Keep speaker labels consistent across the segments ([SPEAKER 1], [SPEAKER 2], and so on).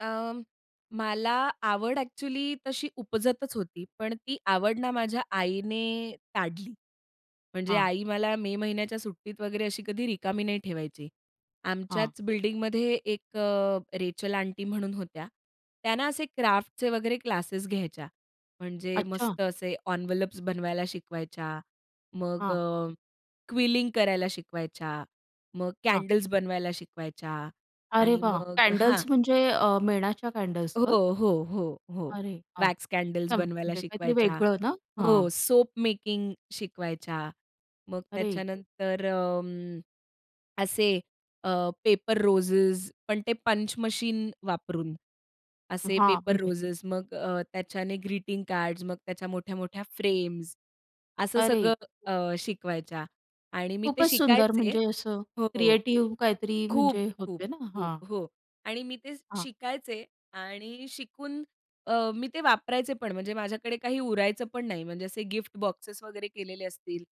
[SPEAKER 1] अं, मला आवड एक्चुअली तशी उपजतच होती, पण ती आवड ना माझ्या आईने ताडली. म्हणजे
[SPEAKER 2] हां.
[SPEAKER 1] आई मला मे महिन्याच्या सुट्टीत वगैरे अशी कधी रिकामी नाही ठेवायची.
[SPEAKER 2] हां.
[SPEAKER 1] आमच्याच बिल्डिंगमध्ये एक अ, रेचेल आंटी म्हणून होत्या. त्या ना असे क्राफ्टचे वगैरे क्लासेस घ्यायच्या, म्हणजे
[SPEAKER 2] अच्छा.
[SPEAKER 1] मस्त असे एन्व्हलप्स बनवायला शिकवायच्या. मग
[SPEAKER 2] हां.
[SPEAKER 1] अ, क्विलिंग करायला शिकवायच्या, मग
[SPEAKER 2] हां.
[SPEAKER 1] कॅन्डल्स बनवायला शिकवायच्या
[SPEAKER 2] अरे,
[SPEAKER 1] आणि
[SPEAKER 2] वाह!
[SPEAKER 1] मग हां.
[SPEAKER 2] कॅन्डल्स म्हणजे अ, मेणाच्या कॅन्डल्स का?
[SPEAKER 1] हो, हो, हो, हो.
[SPEAKER 2] अरे वाह!
[SPEAKER 1] वॅक्स कॅन्डल्स
[SPEAKER 2] [unintelligible]
[SPEAKER 1] बनवायला
[SPEAKER 2] म्हणजे काहीतरी
[SPEAKER 1] शिकवायच्या.
[SPEAKER 2] वेगळं ना हां.
[SPEAKER 1] हो, सोप मेकिंग शिकवायच्या, मग
[SPEAKER 2] अरे.
[SPEAKER 1] त्याच्यानंतर अं, असे अ, पेपर रोजेस पण ते पंच मशीन वापरून, असे
[SPEAKER 2] हां
[SPEAKER 1] पेपर
[SPEAKER 2] म्हणजे
[SPEAKER 1] रोज मग अ, त्याच्याने ग्रीटिंग कार्ड्स, मग त्याच्या मोठ्या-मोठ्या फ्रेम्स, असं
[SPEAKER 2] अरे!
[SPEAKER 1] सगळं अ, शिकवायच्या आणि मी ते
[SPEAKER 2] खूपच सुंदर
[SPEAKER 1] शिकायचे
[SPEAKER 2] म्हणजे असं
[SPEAKER 1] हो.
[SPEAKER 2] क्रिएटिव्ह काहीतरी
[SPEAKER 1] खूप,
[SPEAKER 2] म्हणजे
[SPEAKER 1] खूप,
[SPEAKER 2] होते ना, हां.
[SPEAKER 1] खूप हो, आणि मी ते
[SPEAKER 2] हां.
[SPEAKER 1] शिकायचे आणि शिकून अ, मी ते वापरायचे पण म्हणजे माझ्याकडे काही उरायचं पण नाही. म्हणजे असे गिफ्ट बॉक्सेस वगैरे केलेले असतील,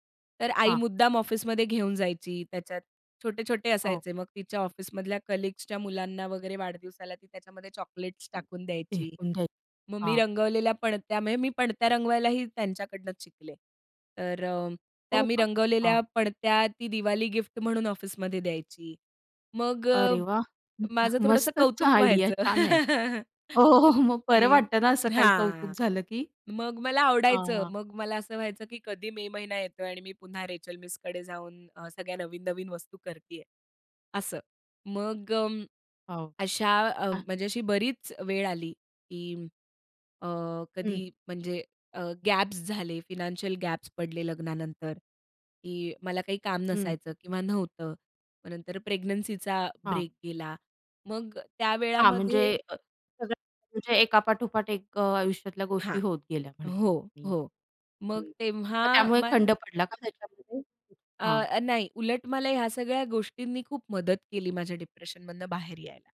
[SPEAKER 1] तर आई
[SPEAKER 2] हां.
[SPEAKER 1] मुद्दाम ऑफिसमध्ये घेऊन जायची. त्याच्यात छोटे-छोटे
[SPEAKER 2] हो.
[SPEAKER 1] असायचे, मग तिच्या ऑफिसमधल्या कलीग्सच्या मुलांना वगैरे, वाढदिवसाला ती त्याच्यामध्ये चॉकलेट्स टाकून द्यायची.
[SPEAKER 2] [unintelligible]
[SPEAKER 1] मग मी
[SPEAKER 2] हां.
[SPEAKER 1] रंगवलेल्या पणत्या म्हणजे मी पणत्या रंगवायलाही त्यांच्याकडनंच शिकले. तर अ, त्या
[SPEAKER 2] हो
[SPEAKER 1] मी
[SPEAKER 2] का.
[SPEAKER 1] रंगवलेल्या
[SPEAKER 2] हां.
[SPEAKER 1] पणत्या ती दिवाळी गिफ्ट म्हणून ऑफिसमध्ये द्यायची. मग अ,
[SPEAKER 2] अरे, वाह!
[SPEAKER 1] माझं थोडंसं
[SPEAKER 2] मस्तच
[SPEAKER 1] कौतुक
[SPEAKER 2] [unintelligible] आयडिया
[SPEAKER 1] व्हायचं.
[SPEAKER 2] छान आहे. हो, हो. मग बरं
[SPEAKER 1] की
[SPEAKER 2] वाटतं ना, असं काही कौतुक
[SPEAKER 1] हां,
[SPEAKER 2] झालं की
[SPEAKER 1] मग मला
[SPEAKER 2] हां,
[SPEAKER 1] आवडायचं
[SPEAKER 2] हां.
[SPEAKER 1] मग मला असं व्हायचं, की कधी मे महिना येतोय आणि मी पुन्हा रेचेल मिसकडे जाऊन अ, सगळ्या नवीन-नवीन वस्तू करतीये असं. मग अ,
[SPEAKER 2] हो.
[SPEAKER 1] अशा अ,
[SPEAKER 2] हां.
[SPEAKER 1] म्हणजे अशी बरीच वेळ आली, की अ, कधी
[SPEAKER 2] हं.
[SPEAKER 1] म्हणजे अ, गॅप्स झाले, फायनान्शियल गॅप्स पडले लग्नानंतर, की मला काही काम
[SPEAKER 2] हं.
[SPEAKER 1] नसायचं किंवा नव्हतं. मग नंतर प्रेग्नन्सीचा
[SPEAKER 2] हां.
[SPEAKER 1] ब्रेक गेला. मग त्या
[SPEAKER 2] हां, म्हणजे
[SPEAKER 1] वेळामध्ये
[SPEAKER 2] अ, सगळं म्हणजे एकापाठोपाठ एक आयुष्यातल्या गोष्टी
[SPEAKER 1] हां.
[SPEAKER 2] होत गेल्या
[SPEAKER 1] हो,
[SPEAKER 2] म्हणायच्या.
[SPEAKER 1] हो.
[SPEAKER 2] [unintelligible] हं,
[SPEAKER 1] मग तेव्हा
[SPEAKER 2] मग त्यामुळे
[SPEAKER 1] मग
[SPEAKER 2] खंड पडला का त्याच्यामध्ये? हां.
[SPEAKER 1] अ, नाही उलट मला ह्या सगळ्या गोष्टींनी खूप मदत केली, माझ्या डिप्रेशनमधनं बाहेर यायला.